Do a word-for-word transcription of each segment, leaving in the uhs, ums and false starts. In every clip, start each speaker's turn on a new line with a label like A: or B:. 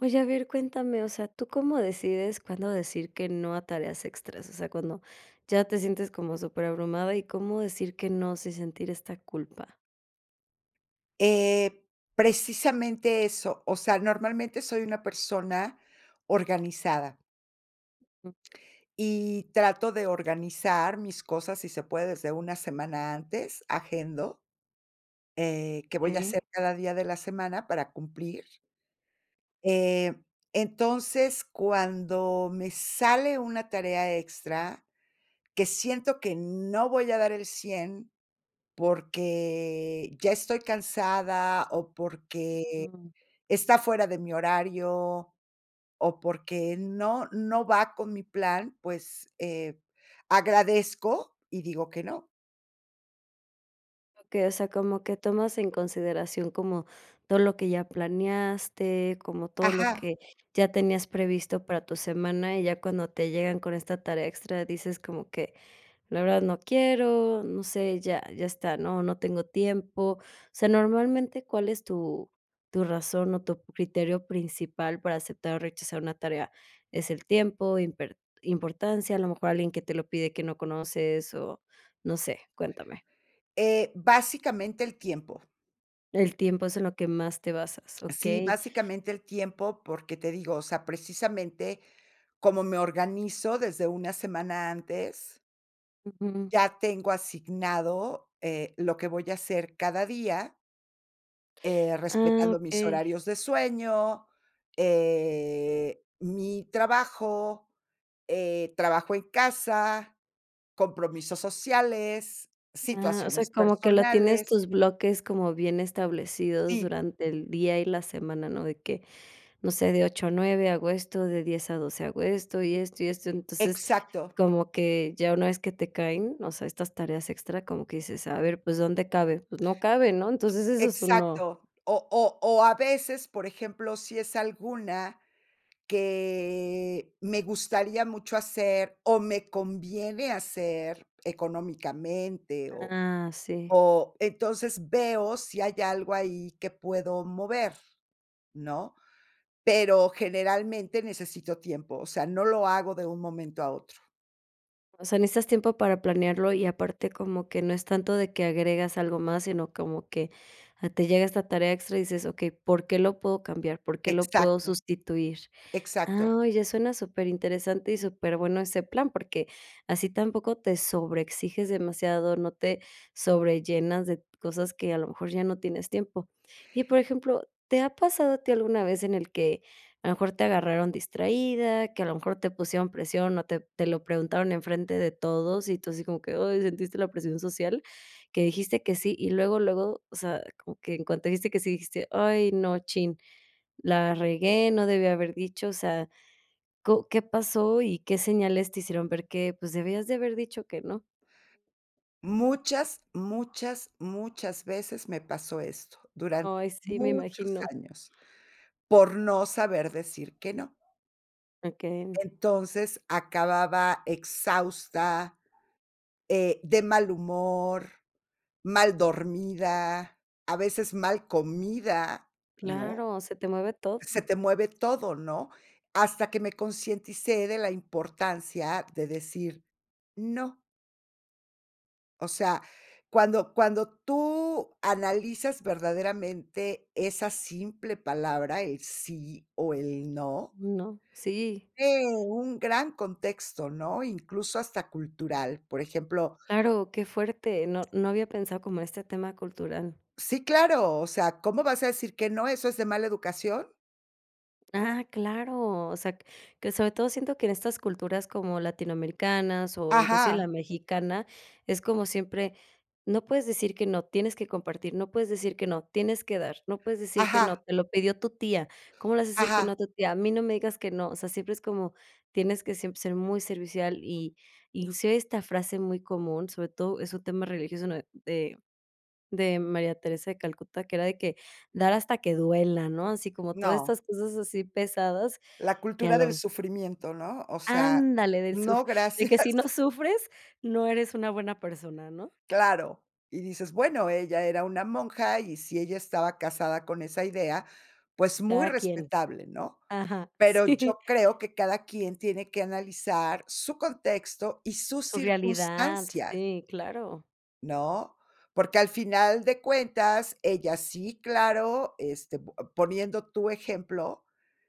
A: Oye, a ver, cuéntame, o sea, ¿tú cómo decides cuándo decir que no a tareas extras? O sea, cuando ya te sientes como superabrumada, ¿y cómo decir que no sin sentir esta culpa?
B: Eh, precisamente eso, o sea, normalmente soy una persona organizada. Y trato de organizar mis cosas, si se puede, desde una semana antes, agendo, eh, qué voy a hacer
A: Okey.
B: cada día de la semana para cumplir. Eh, entonces, cuando me sale una tarea extra, que siento que no voy a dar el cien porque ya estoy cansada o porque
A: Uju.
B: está fuera de mi horario o porque no no va con mi plan, pues, eh, agradezco y digo que no.
A: Okey, o sea, como que tomas en consideración como todo lo que ya planeaste, como todo lo
B: Ajá.
A: que ya tenías previsto para tu semana, y ya cuando te llegan con esta tarea extra, dices como que: "La verdad, no quiero, no sé, ya ya está, ¿no?, no tengo tiempo". O sea, normalmente, ¿cuál es tu tu razón o tu p criterio principal para aceptar o rechazar una tarea? ¿Es el tiempo, imper importancia, a lo mejor alguien que te lo pide que no conoces?, o no sé. Cuéntame.
B: Eh, básicamente el tiempo.
A: El tiempo es en lo que más te basas,
B: Sí,
A: okey.
B: básicamente el tiempo, porque te digo, o sea, precisamente, como me organizo desde una semana antes
A: Ujú.
B: ya tengo asignado, eh, lo que voy a hacer cada día eh,
A: Ah,
B: respetando mis
A: okey.
B: horarios de sueño, eh, mi trabajo, eh, trabajo en casa, compromisos sociales,
A: Ah, o sea,
B: situaciones
A: como que lo tienes
B: personales.
A: tus bloques como bien establecidos
B: Sí.
A: durante el día y la semana, ¿no?, de que, no sé, de ocho a nueve hago esto, de diez a doce hago esto, y esto, y esto, entonces,
B: Exacto.
A: como que ya una vez que te caen, o sea, estas tareas extra, como que dices: "A ver, pues, ¿dónde cabe?", pues no cabe, ¿no?, entonces, eso es un no.
B: Exacto, o o o, a veces, por ejemplo, si es alguna que me gustaría mucho hacer o me conviene hacer económicamente o
A: Ah, sí.
B: o entonces veo si hay algo ahí que puedo mover, ¿no?, pero, generalmente, necesito tiempo, o sea, no lo hago de un momento a otro.
A: O sea, necesitas tiempo para planearlo y, aparte, como que no es tanto de que agregas algo más, sino como que ah, te llega esta tarea extra y dices: "Okey, ¿por qué lo puedo cambiar? ¿Por qué lo puedo
B: Exacto,
A: sustituir?".
B: exacto.
A: Ah, ya suena superinteresante y superbueno ese plan, porque así tampoco te sobreexiges demasiado, no te sobrellenas de cosas que a lo mejor ya no tienes tiempo. Y, por ejemplo, ¿te ha pasado a ti alguna vez en el que a lo mejor te agarraron distraída, que a lo mejor te pusieron presión o te te lo preguntaron enfrente de todos? Y tú así como que, ay, ¿sentiste la presión social? Que dijiste que sí. Y luego luego, o sea, como que en cuanto dijiste que sí dijiste: "Ay no chin, la regué, no debí haber dicho". O sea, ¿co qué pasó y qué señales te hicieron ver que, pues, debías de haber dicho que no?
B: Muchas, muchas, muchas veces me pasó esto, durante
A: Ay, sí, me
B: muchos
A: imagino.
B: años, por no saber decir que no.
A: Okey.
B: Entonces, acababa exhausta, eh, de mal humor, mal dormida, a veces mal comida, ¿no?
A: Claro, se te mueve
B: Se
A: todo.
B: te mueve todo, ¿no? Hasta que me concienticé de la importancia de decir, no. O sea, cuando cuando tú analizas verdaderamente esa simple palabra, el sí o el no
A: No, si.
B: tiene un gran contexto, ¿no? Incluso hasta cultural, por ejemplo
A: Claro, qué fuerte. No no había pensado como este tema cultural.
B: Sí, claro. O sea, ¿cómo vas a decir que no? Eso es de mala educación.
A: Ah, claro, o sea, q que sobre todo siento que en estas culturas como latinoamericanas o inclusive la
B: Ajá.
A: mexicana, es como siempre: "No puedes decir que no, tienes que compartir, no puedes decir que no, tienes que dar, no puedes decir que no,
B: Ajá.
A: te lo pidió tu tía. ¿Cómo le vas a decir que no
B: Ajá.
A: a tu tía? A mí no me digas que no". O sea, siempre es como tienes que siempre ser muy servicial y inclusive esta frase muy común, sobre todo, es un tema religioso na de de María Teresa de Calcuta, que era de que dar hasta que duela, ¿no? Así como todas
B: No.
A: estas cosas así pesadas,
B: La
A: que a
B: cultura
A: lo
B: del
A: m
B: sufrimiento, ¿no? O sea,
A: Ándale del suf
B: no,
A: de
B: gracias.
A: que si no sufres, no eres una buena persona, ¿no?
B: Claro, y dices: "Bueno, ella era una monja y si ella estaba casada con esa idea, pues muy
A: Cada quien.
B: respetable, ¿no?"
A: Ajá,
B: Pero
A: sí.
B: yo creo que cada quien tiene que analizar su contexto y su
A: Su realidad,
B: circunstancia.
A: sí, claro.
B: ¿No? Porque al final de cuentas ella sí, claro, este, po poniendo tu ejemplo,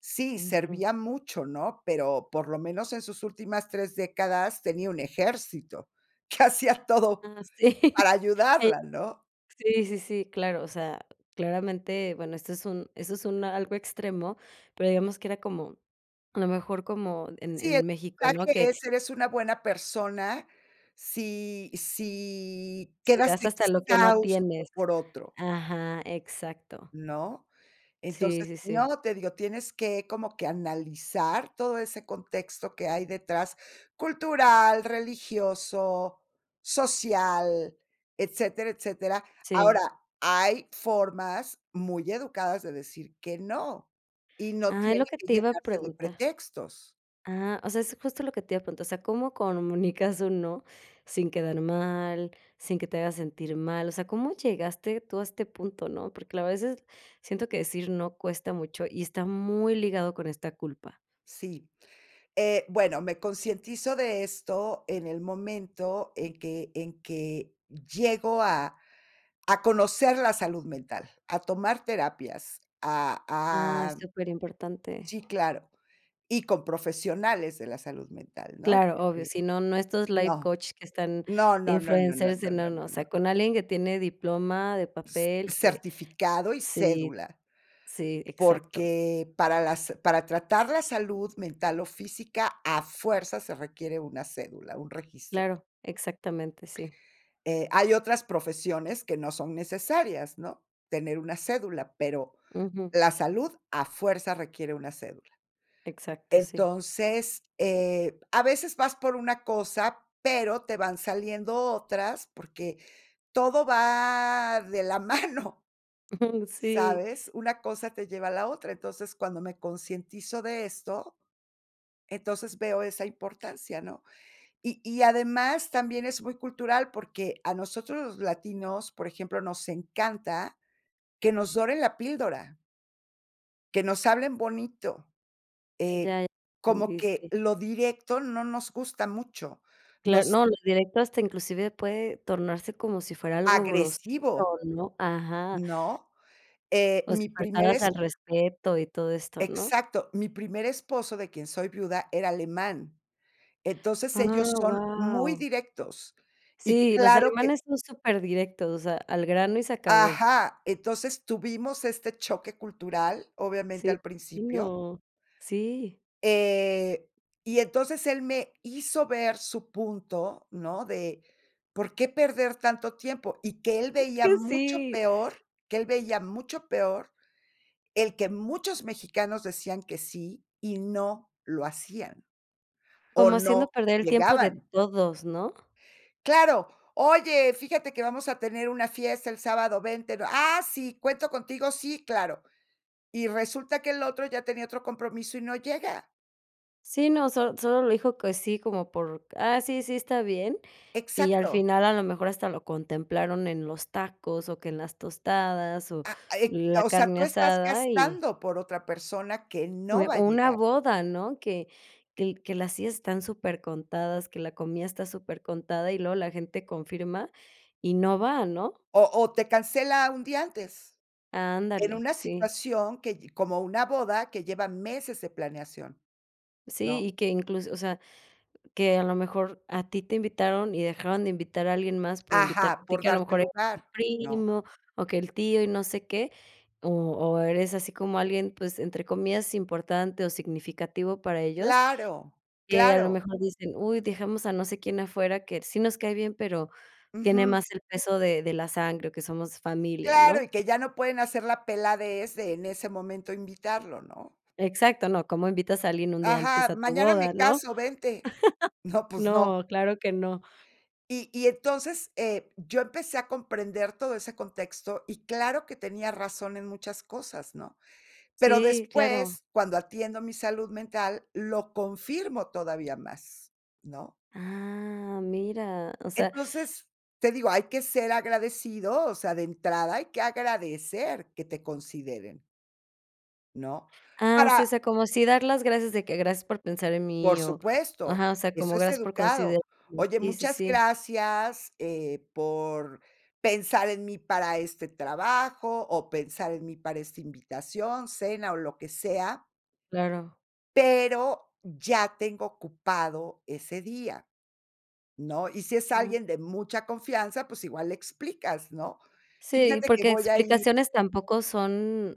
B: sí,
A: Ujú.
B: servía mucho, ¿no? Pero, por lo menos, en sus últimas tres décadas tenía un ejército que hacía todo
A: Ah, sí.
B: para
A: Hay
B: ayudarla, ¿no?
A: sí, sí, sí, claro, o sea, claramente Bueno, esto es un eso es un algo extremo, ¿no? pero digamos que era como, a lo mejor como en
B: Sí, el
A: en México, ¿no?
B: mensaje
A: Que
B: es: "Eres una buena persona, si si
A: Sí,
B: quedas
A: das hasta lo que no tienes.
B: exhausto por otro".
A: Ajá, exacto.
B: ¿No?
A: Sí,
B: Entonces,
A: sí, sí.
B: no, te digo, tienes que, como que analizar todo ese contexto que hay detrás, cultural, religioso, social, etcétera, etcétera. Ahora,
A: Sí.
B: hay formas muy educadas de decir que no, y no
A: Ajá, es
B: tiene
A: lo que
B: que
A: te iba a
B: llenarse de
A: preguntar.
B: pretextos.
A: Ah, o sea, es justo lo que te iba a preguntar, o sea, ¿cómo conmunicas un no, sin quedar mal, sin que te haga sentir mal, o sea, cómo llegaste tú a este punto, ¿no? Porque, a veces, siento que decir no cuesta mucho y está muy ligado con esta culpa.
B: Sí, eh, bueno, me concientizo de esto en el momento en que en que llego a a conocer la salud mental, a tomar terapias, a
A: Ah, es
B: a
A: superimportante.
B: Sí, claro. Y con profesionales de la salud mental, ¿no?
A: Claro, obvio,
B: Porque,
A: sí, no, no. Estos life
B: no.
A: coch que están
B: No, no, no, no, no, no,
A: Influencers, sí,
B: no,
A: no, no. O
B: no, no,
A: sea,
B: no.
A: con alguien que tiene diploma de
B: S
A: papel, que
B: certificado y
A: Sí,
B: cédula.
A: sí, exacto.
B: Porque para las para tratar la salud mental o física a fuerza se requiere una cédula, un registro.
A: Claro. Exactamente. Sí.
B: Eh, hay otras profesiones que no son necesarias, ¿no?, tener una cédula, pero
A: Ujú.
B: la salud a fuerza requiere una cédula.
A: Exacto, sí.
B: Entonces, eh, a veces vas por una cosa, pero te van saliendo otras, porque todo va de la mano.
A: Ujú, sí.
B: ¿Sabes? Una cosa te lleva a la otra. Entonces, cuando me concientizo de esto, entonces veo esa importancia, ¿no? Y y además también es muy cultural, porque a nosotros los latinos, por ejemplo, nos encanta que nos doren la píldora. Que nos hablen bonito, eh,
A: Ya,
B: como
A: entendí,
B: que
A: sí.
B: lo directo no nos gusta mucho,
A: Claro,
B: nos
A: no, lo directo, hasta inclusive puede tornarse como si fuera algo grosero
B: Agresivo,
A: ¿no? Ajá.
B: ¿no?, eh,
A: O
B: mi
A: si
B: primer
A: faltaras
B: es
A: al respeto y todo esto, ¿no?
B: Exacto, mi primer esposo, de quien soy viuda, era alemán. Entonces, ellos
A: Ah,
B: son muy
A: wao.
B: directos, y
A: Sí, los
B: claro que
A: alemanes son superdirectos, o sea, al grano y se acabó.
B: Ajá, entonces tuvimos este choque cultural, obviamente,
A: Sí,
B: al principio
A: no. Sí.
B: eh, y entonces él me hizo ver su punto, ¿no? De ¿por qué perder tanto tiempo? Y que él
A: Es
B: veía
A: que
B: mucho
A: sí.
B: peor que él veía mucho peor el que muchos mexicanos decían que sí y no lo hacían, o
A: Como haciendo
B: no
A: perder el tiempo de
B: llegaban.
A: todos, ¿no?
B: Claro. "Oye, fíjate que vamos a tener una fiesta el sábado, vente", ¿no? "Ah, sí, ¿cuento contigo?". "Sí, claro". Y resulta que el otro ya tenía otro compromiso y no llega.
A: Sí, no, solo solo lo dijo que sí, como por: "Ah, sí, sí, está bien", y al
B: Exacto.
A: final a lo mejor hasta lo contemplaron en los tacos o que en las tostadas o
B: Ah eh,
A: la
B: o sea,
A: carne
B: tú estás
A: asada y
B: gastando por otra persona que no va a
A: o una
B: llegar.
A: boda, ¿no?, que que que las sillas están supercontadas, que la comida está supercontada, y luego la gente confirma y no va, ¿no?
B: O o te cancela un día antes, en
A: Ándale,
B: una
A: sí.
B: situación que lle como una boda que lleva meses de planeación,
A: Sí,
B: ¿no?
A: y que incluso, o sea, que a lo mejor a ti te invitaron y dejaron de invitar a alguien más por invitarte
B: Ajá,
A: a ti
B: por
A: que a lo
B: darte
A: mejor el
B: lugar, ¿no?
A: primo o que el tío y no sé qué, o o eres así como alguien, pues entre comillas "importante o significativo", para ellos,
B: Claro,
A: que a lo
B: claro.
A: mejor dicen: "Uy, dejamos a no sé quién afuera, que sí nos cae bien, pero tiene
B: Ujú.
A: más el peso de de la sangre, o que somos familia",
B: Claro,
A: ¿no?
B: y que ya no pueden hacer la peladez de ese en ese momento invitarlo, ¿no?
A: Exacto, no, ¿cómo invitas a alguien un día antes
B: Ajá,
A: a tu
B: "Mañana
A: boda,
B: me
A: no?
B: caso, vente", no, pues no.
A: No, claro que no.
B: Y y entonces, eh, yo empecé a comprender todo ese contexto, y claro que tenía razón en muchas cosas, ¿no?, pero
A: Sí, claro.
B: después, cuando atiendo mi salud mental, lo confirmo todavía más, ¿no?
A: Ah, mira, o sea.
B: Entonces, te digo, hay que ser agradecido, o sea, de entrada hay que agradecer que te consideren. ¿No?,
A: Ah, sí, o
B: para.
A: sea, como sí dar las gracias de que: "Gracias por pensar en
B: Por
A: mí", o
B: supuesto,
A: ajá, o sea, como:
B: eso es
A: "Gracias por
B: educado,
A: considerarme",
B: "Oye,
A: sí, sí,
B: muchas
A: sí.
B: gracias, eh, por pensar en mí para este trabajo, o pensar en mí para esta invitación, cena, o lo que sea"
A: Claro.
B: "pero, ya tengo ocupado ese día", ¿no?, y si es
A: Mm.
B: alguien de mucha confianza, pues igual le explicas, ¿no?,
A: Sí,
B: "Fíjate que
A: porque
B: voy a ir".
A: explicaciones tampoco son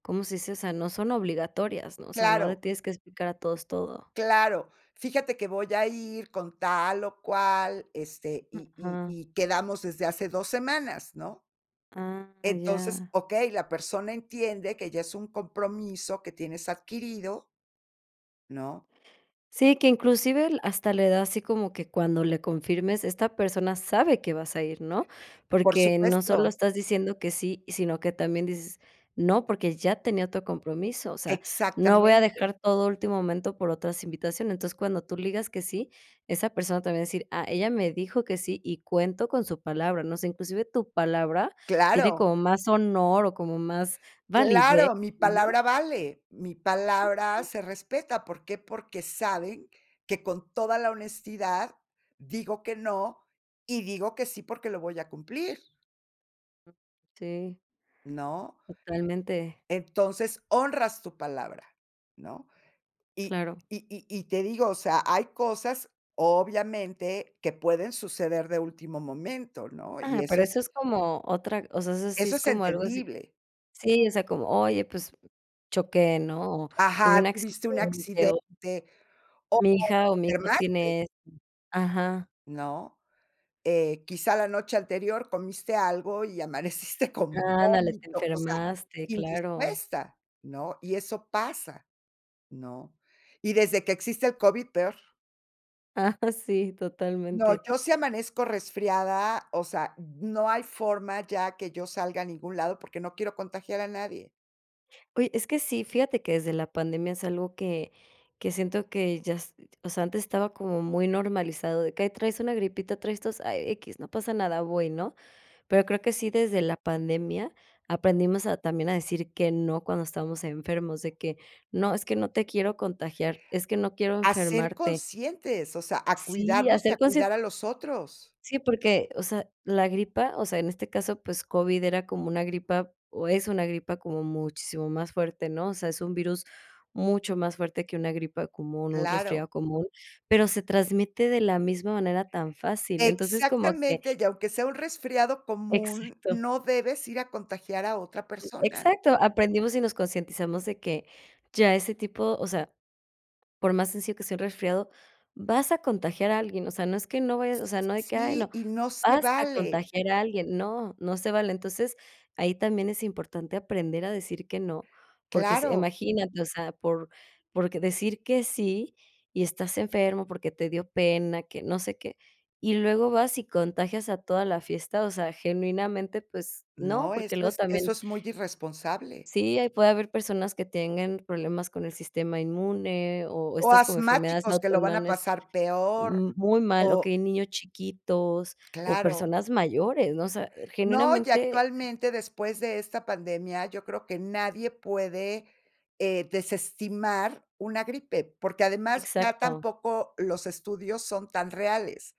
A: cómo se dice, o sea, no son obligatorias, ¿no?, o sea, no le
B: Claro.
A: tienes que explicar a todos todo.
B: Claro, "Fíjate que voy a ir con tal o cual, este, y y
A: Ajá.
B: y quedamos desde hace dos semanas", ¿no?
A: Ah,
B: Entonces,
A: ya.
B: okey, la persona entiende que ya es un compromiso que tienes adquirido. ¿No?
A: Sí, que inclusive, l hasta le da así como que cuando le confirmes, esta persona sabe que vas a ir, ¿no?,
B: Por
A: porque no solo
B: supuesto.
A: estás diciendo que sí, sino que también dices: "No, porque ya tenía otro compromiso", o sea, no voy a
B: Exactamente.
A: dejar todo a último momento por otras invitaciones, entonces, cuando tú le digas que sí, esa persona te va a decir: "Ah, ella me dijo que sí y cuento con su palabra", no sé, inclusive tu palabra tiene
B: ¡Claro!
A: como más honor o como más valide
B: ¡Claro!, mi
A: [unintelligible]
B: palabra vale, mi palabra
A: [unintelligible]
B: se respeta, ¿por qué?, porque saben que con toda la honestidad digo que no y digo que sí, porque lo voy a cumplir.
A: Mm, sí.
B: ¿No?
A: Totalmente.
B: Entonces, honras tu palabra, ¿no?, y
A: Claro.
B: y y y te digo, o sea, hay cosas obviamente que pueden suceder de último momento, ¿no?, y
A: Ah, pero
B: esos
A: eso es como otra, o sea, eso sí
B: eso
A: es
B: es
A: como algo así
B: entendible.
A: sí, o sea, como oye, pues, choqué, ¿no?, o tuve
B: Ajá,
A: un
B: tuviste un
A: accidente o
B: accidente o
A: mi hija
B: te
A: o mi hijo
B: enfermaste
A: tiene esto, ajá.
B: ¿No?, eh, quizá la noche anterior comiste algo y amaneciste con
A: Ándale, te
B: vómito, o sea,
A: enfermaste, claro.
B: indispuesta, ¿no?, y eso pasa, ¿no?, y desde que existe el COVID peor.
A: Ah, sí,
B: No,
A: totalmente.
B: yo si amanezco resfriada, o sea, no hay forma ya que yo salga a ningún lado, porque no quiero contagiar a nadie.
A: Oye, es que sí, fíjate que desde la pandemia es algo que que siento que ya es, o sea, antes estaba como muy normalizado, de que: "Ay, traes una gripita, traes tos, ay, equis, no pasa nada, voy", ¿no?, pero creo que sí, desde la pandemia aprendimos a también a decir que no cuando estamos enfermos, de que no, es que no te quiero contagiar, es que no quiero
B: A ser
A: enfermarte.
B: conscientes, o sea, a
A: Sí, a
B: cuidarnos y a
A: ser conscien
B: cuidar a los otros.
A: sí, porque, o sea, la gripa, o sea, en este caso, pues COVID era como una gripa, o es una gripa como muchísimo más fuerte, ¿no?, o sea, es un virus mucho más fuerte que una gripa común, un
B: Claro.
A: resfriado común, pero se transmite de la misma manera tan fácil, entonces, como que
B: Exactamente, y aunque sea un resfriado común,
A: Exacto.
B: no debes ir a contagiar a otra persona.
A: Exacto, aprendimos y nos concientizamos de que, ya ese tipo, o sea, por más sencillo que sea un resfriado, vas a contagiar a alguien, o sea, no es que no vayas, o sea, no hay que, ay,
B: Sí,
A: no,
B: y no se
A: vas a
B: vale.
A: contagiar a alguien, no, no se vale, entonces, ahí también es importante aprender a decir que no, porque si,
B: Claro.
A: imagínate, o sea, por porque decir que sí, y estás enfermo, porque te dio pena, que no sé qué, y luego vas y contagias a toda la fiesta, o sea, genuinamente, pues no,
B: No,
A: porque
B: eso
A: luego
B: es
A: también
B: eso es muy irresponsable.
A: sí, ahí puede haber personas que tengan problemas con el sistema inmune, o
B: O
A: estas como enfermedades, no,
B: asmáticos que lo van a
A: autoinmunes,
B: pasar peor
A: mm, muy mal, o que
B: o
A: hay niños chiquitos, o
B: Claro.
A: personas mayores, ¿no?, o sea,
B: No, y que
A: genuinamente
B: actualmente después de esta pandemia, yo creo que nadie puede, eh, desestimar una gripe, porque además ya
A: Exacto.
B: tampoco los estudios son tan reales,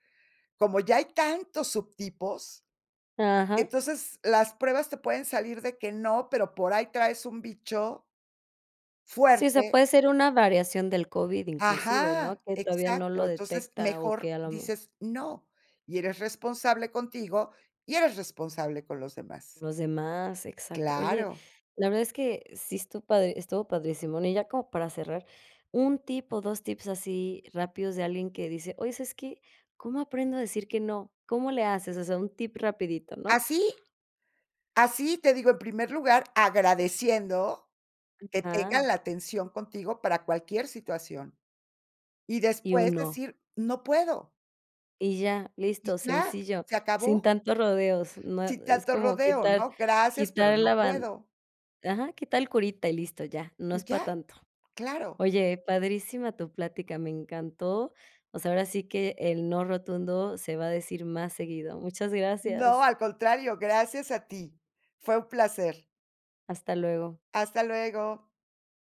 B: como ya hay tantos subtipos,
A: Ajá.
B: entonces las pruebas te pueden salir de que no, pero por ahí traes un bicho
A: Sí, o sea,
B: fuerte.
A: puede ser una variación del COVID inclusive,
B: Ajá,
A: ¿no?, que todavía no
B: exacto,
A: lo
B: entonces,
A: detecta, o
B: mejor
A: que a lo
B: dices no, y eres responsable contigo y eres responsable con los demás.
A: Los demás, exacto, oye,
B: Claro.
A: la verdad es que sí estuvo padri estuvo padrísimo, y ya como para cerrar, un tip, o dos tips así rápidos de alguien que dice: "Oye, ¿sabes qué?, ¿cómo aprendo a decir que no?", ¿cómo le haces?, o sea, un tip rapidito, ¿no?
B: Así, así, te digo, en primer lugar, agradeciendo, que tengan
A: Ajá.
B: la atención contigo para cualquier situación, y
A: Y un
B: después
A: no.
B: decir, no puedo.
A: Y ya,
B: Y
A: listo,
B: ya,
A: sencillo,
B: se
A: sin
B: acabó
A: tantos rodeos, no,
B: sin
A: es
B: tanto
A: como
B: rodeo,
A: quitar
B: ¿no?, gracias, pero
A: quitar
B: no
A: la ban
B: puedo.
A: ajá, quitar el curita y listo, ya, no
B: Y
A: es para
B: ya,
A: tanto,
B: claro.
A: oye, padrísima tu plática, me encantó, o sea, ahora sí que el no rotundo se va a decir más seguido, muchas
B: No,
A: gracias.
B: al contrario, gracias a ti, fue un placer.
A: Hasta luego.
B: Hasta luego.